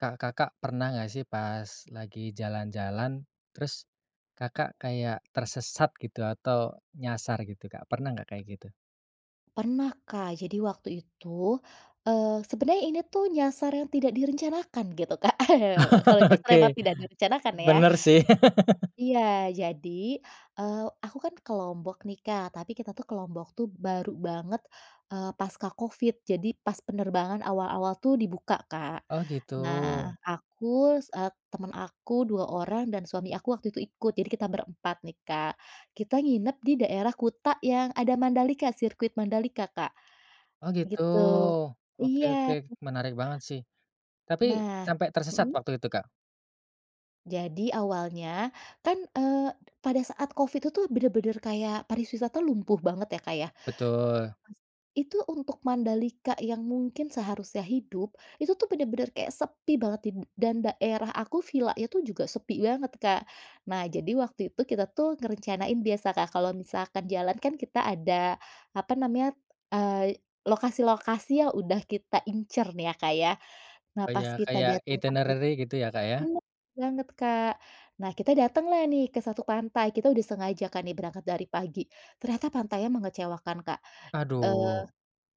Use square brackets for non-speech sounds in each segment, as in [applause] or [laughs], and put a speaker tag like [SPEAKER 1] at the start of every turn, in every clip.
[SPEAKER 1] Kak, Kakak pernah nggak sih pas lagi jalan-jalan terus Kakak kayak tersesat gitu atau nyasar gitu, Kak, pernah nggak kayak gitu?
[SPEAKER 2] Pernah, Kak, jadi waktu itu, eee, sebenarnya ini tuh nyasar yang tidak direncanakan gitu, Kak, [chuckles] kalau nyasar emang
[SPEAKER 1] Oke,
[SPEAKER 2] tidak direncanakan ya?
[SPEAKER 1] bener sih. [laughs]
[SPEAKER 2] Iya, jadi, eee, aku kan ke Lombok nih, Kak, tapi kita tuh ke Lombok tuh baru banget, eee, pasca Covid, jadi pas penerbangan awal-awal tuh dibuka Kak.
[SPEAKER 1] Oh gitu.
[SPEAKER 2] Nah aku sa temen aku 2 orang dan suami aku waktu itu ikut, jadi kita ber-4 nih, Kak. Kita nginep di daerah Kuta yang ada Mandalika sirkuit Mandalika, Kak,
[SPEAKER 1] Oh gitu,
[SPEAKER 2] gitu,
[SPEAKER 1] oke
[SPEAKER 2] iya.
[SPEAKER 1] oke menarik banget sih, tapi
[SPEAKER 2] Nah
[SPEAKER 1] sampai tersesat
[SPEAKER 2] mhm.
[SPEAKER 1] waktu itu, Kak?
[SPEAKER 2] Jadi awalnya, kan, eee, pada saat Covid itu tuh bener bener kayak pariwisata lumpuh banget ya, Kak, ya?
[SPEAKER 1] Betul.
[SPEAKER 2] Pas itu untuk Mandalika yang mungkin seharusnya hidup, itu tuh bener-bener kayak sepi banget dim dan daerah aku villa itu juga sepi banget, Kak. Nah jadi waktu itu kita tuh ngerencanain biasa, Kak, kalau misalkan jalan kan kita ada, apa namanya, eee, lokasi-lokasi yang udah kita incer nih ya, Kak, ya. Nah
[SPEAKER 1] Oh
[SPEAKER 2] pas
[SPEAKER 1] iya
[SPEAKER 2] kita
[SPEAKER 1] kayak
[SPEAKER 2] diantar angkut
[SPEAKER 1] itinerary gitu ya, Kak?
[SPEAKER 2] bener banger, Kak, nah kita dateng lah nih ke-1 pantai, kita udah sengaja kan nih berangkat dari pagi, ternyata pantainya mengecewakan, Kak, eee,
[SPEAKER 1] Aduh.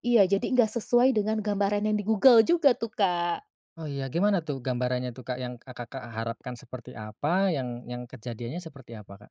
[SPEAKER 2] iya jadi nggak sesuai dengan gambaran yang di Google juga tuh, Kak.
[SPEAKER 1] Oh iya, gimana tuh gambarannya tuh, Kak, yang Kakak harapkan seperti apa, yang yang kejadiannya seperti apa, Kak?